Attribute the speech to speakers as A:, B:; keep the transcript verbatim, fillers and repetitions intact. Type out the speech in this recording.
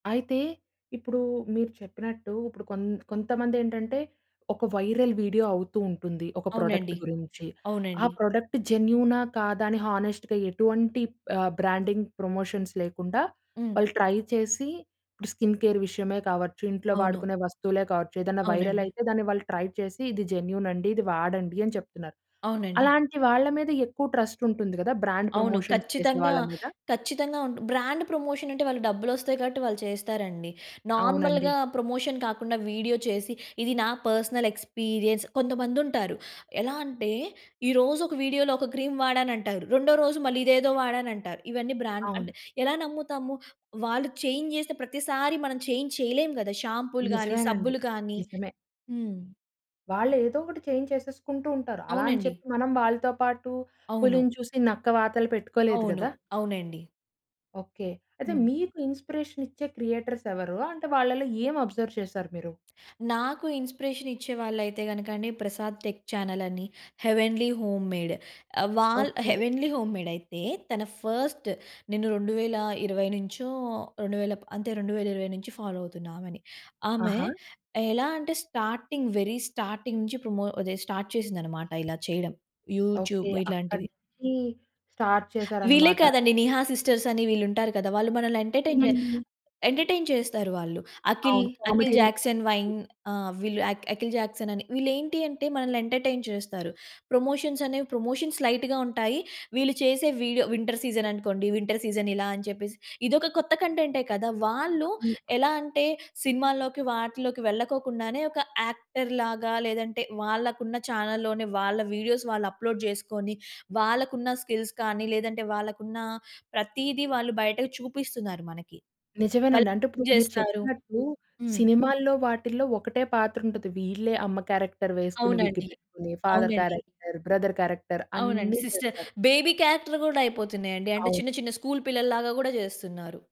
A: అయితే ఇప్పుడు మీరు చెప్పినట్టు ఇప్పుడు కొంత కొంతమంది ఏంటంటే ఒక వైరల్ వీడియో అవుతూ ఉంటుంది ఒక ప్రొడక్ట్
B: అవునండీ.
A: గురించి. ఆ
B: అవునండీ.
A: ప్రొడక్ట్ జెన్యూనా? కాదా? అని హానెస్ట్‌గా ఎటువంటి ఆహ్, బ్రాండింగ్ ప్రమోషన్స్ లేకుండా,
B: హ్మ్.
A: వాళ్ళు ట్రై చేసి ఇప్పుడు స్కిన్ కేర్ విషయమే కావచ్చు ఇంట్లో
B: అవును.
A: వాడుకునే వస్తువులే కావచ్చు ఏదైనా
B: అవునండి.
A: వైరలయితే దాన్ని వాళ్ళు ట్రై చేసి ఇది జెన్యూన్ అండి ఇది వాడండి అని చెప్తున్నారు.
B: అవునండి.
A: అలాంటి వాళ్ళ మీద ఎక్కువ ట్రస్ట్ ఉంటుంది కదా! బ్రాండ్
B: అవును.
A: ప్రమోషన్స్ చేసే
B: ఖచ్చితంగా,
A: వాళ్ళ మీద?
B: ఖచ్చితంగా ఉంటు బ్రాండ్ ప్రమోషన్ అంటే వాళ్ళకి డబ్బులొస్తాయి కాబట్టి వాళ్ళు చేస్తారండి.
A: అవునండి.
B: నార్మల్‌గా ప్రమోషన్ కాకుండా వీడియో చేసి, ఇది నా పర్సనల్ ఎక్స్‌పిరియన్స్. కొంతమంది ఉంటారు ఎలా అంటే, ఈ రోజు ఒక వీడియో‌లో ఒక క్రీమ్ వాడనంటారు, రెండో రోజు మళ్ళీ ఇదేదో వాడానంటారు, ఇవన్నీ బ్రాండ్ అంటే,
A: అవును.
B: ఎలా నమ్ముతాము వాళ్ళు చేంజ్ జేస్తే ప్రతిసారి మనం చేంజ్ చేయలేము గదా! షాంపూలు గానీ
A: నిజమేనండి
B: సబ్బులు గానీ
A: నిజమే.
B: హ్మ్.
A: వాళ్ళు ఏదో ఒకటి చేంజ్ చేసేసుకుంటూ ఉంటారు. అలా అని
B: అవునండి.
A: చెప్పి మనం వాళ్ళతో పాటు
B: అవును.
A: పులిని చూసి నక్క వాతలు పెట్టుకోలేదు
B: అవును.
A: గదా!
B: అవునండి.
A: ఓకే. అయితే
B: హ్మ్.
A: మీకు ఇన్స్‌ప్రెషన్ ఇచ్చే క్రియేటర్స్ ఎవరు? అంటే వాళ్ళలో ఏమి అబ్జర్వ్ చేసారు మీరు?
B: నాకు ఇన్స్‌ప్రెషన్ ఇచ్చే వాళ్ళయితే గనక 'ప్రసాద్ టెక్ చానలని' 'హెవెన్లీ హోమ్ మేడ్' ఆహ్, వాల
A: ఓకే.
B: 'హెవెన్లీ హోమ్‌మేడయితే తన ఫస్ట్, నేను రెండు వేల ఇరవై నుంచో రెండువేల ప అంతే రెండు వేల ఇరవై నుంచి ఫాలో అవుతున్నా ఆమెని. ఆమె
A: ఆహా!
B: ఎలా అంటే స్టార్టింగ్ వెరీ స్టార్టింగ్ నుంచి పరమో అదె స్టార్ట్ చేసింది అన్నమాట ఇలా చేయడం యూట్యూబ్
A: ఓకే.
B: ఇలాంటివి.
A: అక్కడికి స్టార్ట్
B: వీళ్లే
A: చేసారన్నమాట.
B: కాదండి. 'నిహా సిస్టర్స్' అని వీళ్ళు ఉంటారు కదా! వాళ్ళు మనల్ని ఎంటర్టైన్ చే
A: హ్మ్.
B: ఎంటర్టైన్ చేస్తారు వాళ్ళు. 'అఖిల్'
A: అవును.
B: 'Akhil
A: comedy reels
B: Jackson vine' ఆహ్, వీళ్ళు 'అఖిల్ జాక్సన్' అని వీళ్ళు ఏంటి అంటే మనల్ని ఎంటర్టైన్ చేస్తారు. ప్రమోషన్స్ అనేవి ప్రమోషన్స్ లైట్‌గా ఉంటాయి. వీళ్ళు చేసే వీడియో వింటర్ సీజన్ అనుకోండి వింటర్ సీజన్ ఇలా అని చెప్పేసి, ఇది ఒక కొత్త కంటెంటే కదా! వాళ్ళు
A: హ్మ్.
B: ఎలా అంటే సినిమా‌ల్లోకి వాటిలోకి వెళ్ళకొకుండానే ఒక యాక్టర్‌లాగా లేదంటే వాళ్ళకు ఉన్న చానెల్‌లోనే వాళ్ళ వీడియోస్ వాళ్ళు అప్‌లోడ్ జేసుకొని, వాళ్ళకు ఉన్న స్కిల్స్‌ కానీ లేదంటే వాళ్ళకు ఉన్న ప్రతీది వాళ్ళు బయటకు చూపిస్తున్నారు మనకి.
A: నిజమేనండి. అంటే
B: వాళ్ళేం
A: ఇప్పుడు మీరు
B: జేస్తారు.
A: చెప్పినట్లు
B: హ్మ్.
A: సినిమా‌ల్లో వాటిల్లో ఒకటే పాత్ర ఉంటది. వీళ్ళే అమ్మ క్యారెక్టర్ వేసుకొని
B: అవునండీ.
A: విగ్గిపెట్టుకొని, ఫాదర్
B: అవునండీ.
A: క్యారెక్టర్, బ్రదర్ క్యారెక్టర్
B: అవునండి.
A: అన్ని
B: సిస్టర్,
A: చేస్తారు.
B: బేబీ క్యారెక్టర్ గూడా అయిపోతున్నాయి అండి అంటే చిన్న,
A: అవును.
B: చిన్న స్కూల్ పిల్లలు‌లాగా గూడా జేస్తున్నారు.